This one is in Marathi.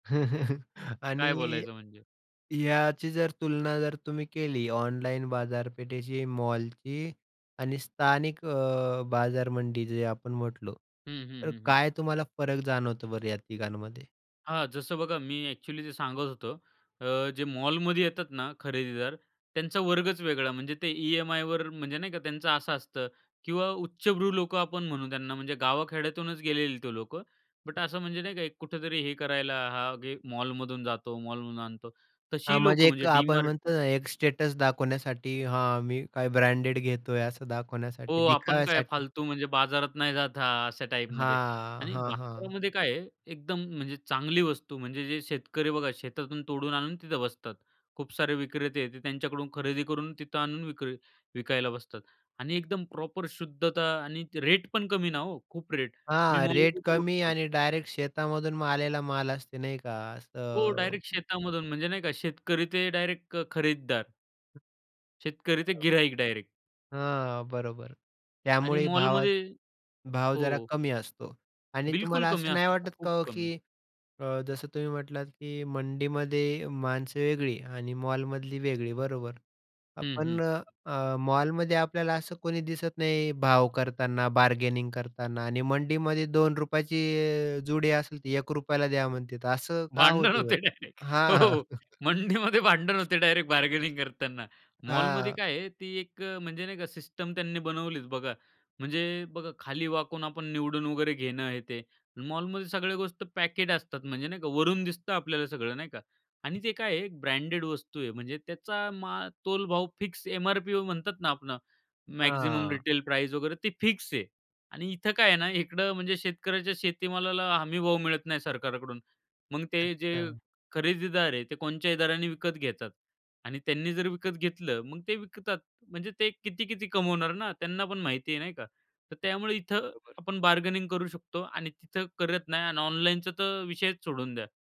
काय आणि बोलायचं म्हणजे? ह्याची जर तुलना जर तुम्ही केली ऑनलाईन बाजारपेठेची, मॉलची आणि स्थानिक अ, बाजार मंडी जे आपण म्हटलं. हं, हं, तर हं, हं. काय तुम्हाला फरक जाणवतो बरं या तिघांमध्ये? हां, जसं बघा मी एक्चुअली जे सांगत होतो. अ, जे मॉलमध्ये येतात ना खरेदीदार, त्यांचा वर्गच वेगळा. म्हणजे ते ईएमआयवर, म्हणजे नाही का त्यांचं असं असतं किंवा उच्चभ्रू लोकं आपण म्हणू त्यांना म्हणजे गाव खेड्यातूनच गेलेली ते लोक. बट असं म्हणजे नाही का एक कुठेतरी हे करायला, हां, घे मॉलमधून जातो, मॉलमधून आणतो. हां, तशी म्हणजे लोकं म्हणजे एक आपण DMart म्हणतो ना, एक स्टेटस दाखवण्यासाठी हां, मी काय ब्रँडेड घेतोय असं दाखवण्यासाठी, हो, आपण काय दिखाव्यासाठी. फालतू म्हणजे बाजारात नाही जात हा, अशा टाईपमध्ये हां, आणि हां, हां. बाजारामध्ये काय आहे, एकदम म्हणजे चांगली वस्तू, म्हणजे जे शेतकरी बघा शेतातून तोडून आणून तिथं बसतात. खूप सारे विक्रेते ते त्यांच्याकडून खरेदी करून तिथं आणून विक्री विकायला बसतात आणि एकदम प्रॉपर शुद्धता आणि रेट पण कमी ना हो, खूप रेट मी हां, रेट मॉलमध्ये कमी बघतो. आणि डायरेक्ट शेतामधून आलेला माल असते नाही का हो, असं डायरेक्ट शेतामधून म्हणजे नाही का शेतकरी ते डायरेक्ट खरीददार. शेतकरी ते बरोबर. गिराईक डायरेक्ट. हां, बरोबर आणि त्यामुळे भावाच मॉलमध्ये भाव जरा हो. कमी असतो आणि बिलकुल तुम्हाला कमी असं नाही असतो. वाटत का खूप हो, की कमी. अ, जसं तुम्ही म्हटलात की, "मंडीमध्ये माणसं वेगळी आणि मॉलमधली वेगळी" बरोबर. हं, आपण हं. अ, अ, मॉलमध्ये आपल्याला असं कोणी दिसत नाही भाव करतांना बार्गेनिंग करतांना आणि मंडीमध्ये ₹2 ची अ, जुडी असेल ती ₹1 ला द्या म्हणतील तर असं का भांडण होतो? होते डायरेक्ट. बरं हां, हां. हो, मंडीमध्ये भांडण होते डायरेक्ट बार्गेनिंग करतांना. मॉलमध्ये हां. काय आहे ती एक अ, म्हणजे नाही का सिस्टम त्यांनी बनवलीच बघा, म्हणजे बघा, खाली वाकून आपण निवडून वगैरे घेणं आहे ते. मॉलमध्ये सगळ्या गोष्ट पॅकेट असतात म्हणजे नाही का वरून दिसतं आपल्याला सगळं नाही का. आणि ते काय आहे ब्रँडेड वस्तू आहे, म्हणजे त्याचा मा तोल भाव फिक्स एमआरपी अ, म्हणतात ना आपण मॅक्सिमम हां. रिटेल प्राइज वगैरे ते फिक्स आहे आणि इथे काय आहे ना इकडे म्हणजे शेतकऱ्याच्या शेतीमालाला हमी भाव मिळत नाही सरकारकडून. मग ते जे अच्छा. खरेदीदार आहे, ते कोणच्याही दराने विकत घेतात आणि त्यांनी जर विकत घेतलं मग ते विकतात म्हणजे ते किती-किती कमवणार ना, त्यांना पण माहिती आहे नाही का तर त्यामुळे इथे बरोबर. आपण बार्गेनिंग करू शकतो आणि तिथे करत नाही आणि ऑनलाईनचा तर विषयच सोडून द्या.